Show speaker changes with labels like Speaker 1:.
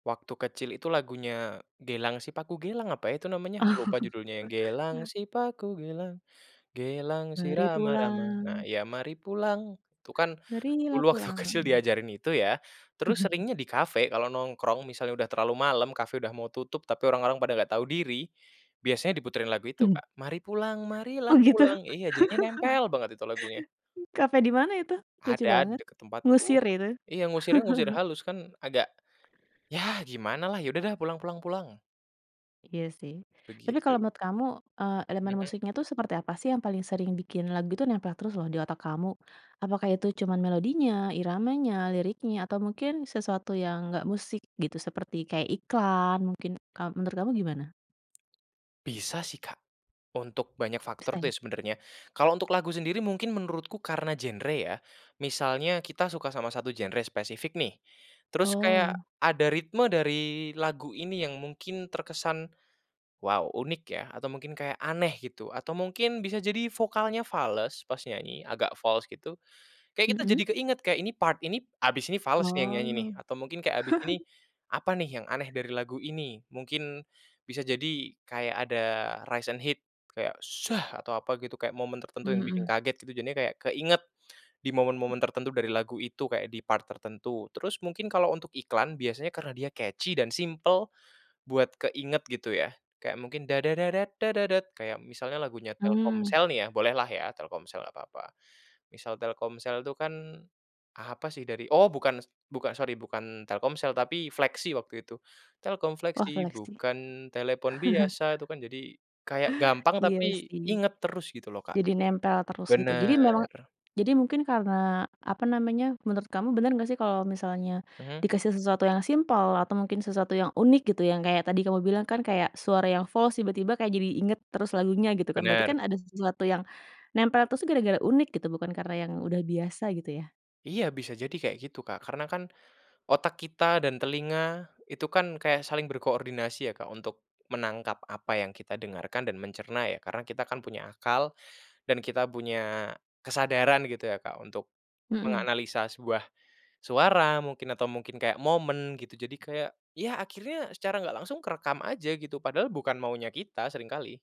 Speaker 1: Waktu kecil itu lagunya, Gelang Sipaku Gelang, apa ya itu namanya lupa judulnya, yang Gelang sipaku gelang, gelang si
Speaker 2: Mari
Speaker 1: rama-rama. Nah
Speaker 2: pulang.
Speaker 1: ya, Mari pulang tuh kan dulu
Speaker 2: Marilah
Speaker 1: waktu kecil
Speaker 2: pulang.
Speaker 1: diajarin itu ya. Terus seringnya di cafe kalau nongkrong misalnya udah terlalu malam, cafe udah mau tutup tapi orang-orang pada nggak tahu diri. Biasanya diputerin lagu itu,
Speaker 2: Mhm.
Speaker 1: Kak, Mari pulang, marilah
Speaker 2: Oh gitu.
Speaker 1: pulang. Iya, jadinya nempel banget itu lagunya.
Speaker 2: Cafe dimana itu? Lucu
Speaker 1: Ada di
Speaker 2: banget,
Speaker 1: dekat tempatku.
Speaker 2: ngusir itu.
Speaker 1: Iya ngusirnya ngusir halus kan agak ya gimanalah, ya udah deh pulang pulang pulang.
Speaker 2: Iya sih. Tapi kalau
Speaker 1: Begitu.
Speaker 2: menurut kamu, eee, elemen
Speaker 1: Mhm.
Speaker 2: musiknya tuh seperti apa sih yang paling sering bikin lagu itu nempel terus loh di otak kamu? Apakah itu cuman melodinya, iramanya, liriknya, atau mungkin sesuatu yang nggak musik gitu seperti, kayak iklan mungkin, mmm, menurut kamu gimana?
Speaker 1: Bisa sih, Kak, untuk banyak
Speaker 2: Bisa
Speaker 1: faktor tuh
Speaker 2: ya?
Speaker 1: ya sebenernya. Kalau untuk lagu sendiri mungkin menurutku karena genre ya. Misalnya kita suka sama satu genre spesifik nih, terus kayak
Speaker 2: Oh.
Speaker 1: ada ritme dari lagu ini yang mungkin terkesan, “Wow unik ya,” atau mungkin kayak aneh gitu. Atau mungkin bisa jadi vokalnya fales pas nyanyi, agak fals gitu. Kayak kita
Speaker 2: Mhm.
Speaker 1: jadi keinget, “Kayak ini part ini habis ini fales nih yang nyanyi nih,”
Speaker 2: Oh.
Speaker 1: atau mungkin kayak, "Habis ini, apa nih yang aneh dari lagu ini?” Mungkin bisa jadi kayak ada rise and hit kayak “shh” atau apa gitu, kayak momen
Speaker 2: Mmm,
Speaker 1: tertentu yang bikin
Speaker 2: mhm.
Speaker 1: kaget gitu. Jadinya kayak keinget di momen-momen
Speaker 2: Hmm.
Speaker 1: tertentu dari lagu itu, kayak di part tertentu. Terus mungkin kalau untuk iklan biasanya karena dia catchy dan simpel, buat keinget gitu ya. Kayak mungkin, Kaya misalnya lagunya
Speaker 2: Mmm.
Speaker 1: Telkomsel nih ya, bolehlah ya Telkomsel nggak papa. Misal Telkomsel tuh kan, apa sih dari oh, bukan s bukan sorry bukan Telkomsel tapi Flexi waktu itu. Telkom
Speaker 2: Wah
Speaker 1: Flexi,
Speaker 2: flexy.
Speaker 1: Bukan telepon biasa itu kan. Jadi kayak gampang
Speaker 2: Iya
Speaker 1: tapi
Speaker 2: sih
Speaker 1: inget terus gitu loh, Kak.
Speaker 2: jadi nempel terus gitu. Jadi
Speaker 1: Bener.
Speaker 2: memang jadi mungkin karena, apa namanya, menurut kamu bener nggak sih kalau misalnya
Speaker 1: Mhm.
Speaker 2: dikasih sesuatu yang simpel atau mungkin sesuatu yang unik gitu, yang kayak tadi kamu bilang kan kayak suara yang fals tiba-tiba kayak jadi inget terus lagunya gitu kan. Berarti
Speaker 1: Bener.
Speaker 2: kan ada sesuatu yang nempel terus tuh gara-gara unik gitu, bukan karena yang udah biasa gitu ya.
Speaker 1: Iya bisa jadi kayak gitu, Kak. Karena kan otak kita dan telinga itu kan kayak saling berkoordinasi ya, Kak, untuk menangkap apa yang kita dengarkan dan mencerna ya. Karena kita kan punya akal, dan kita punya kesadaran gitu ya, Kak, untuk
Speaker 2: Mhm.
Speaker 1: menganalisa sebuah suara mungkin atau mungkin kayak momen gitu. Jadi kayak, ya akhirnya secara nggak langsung terekam aja gitu, padahal bukan maunya kita sering kali.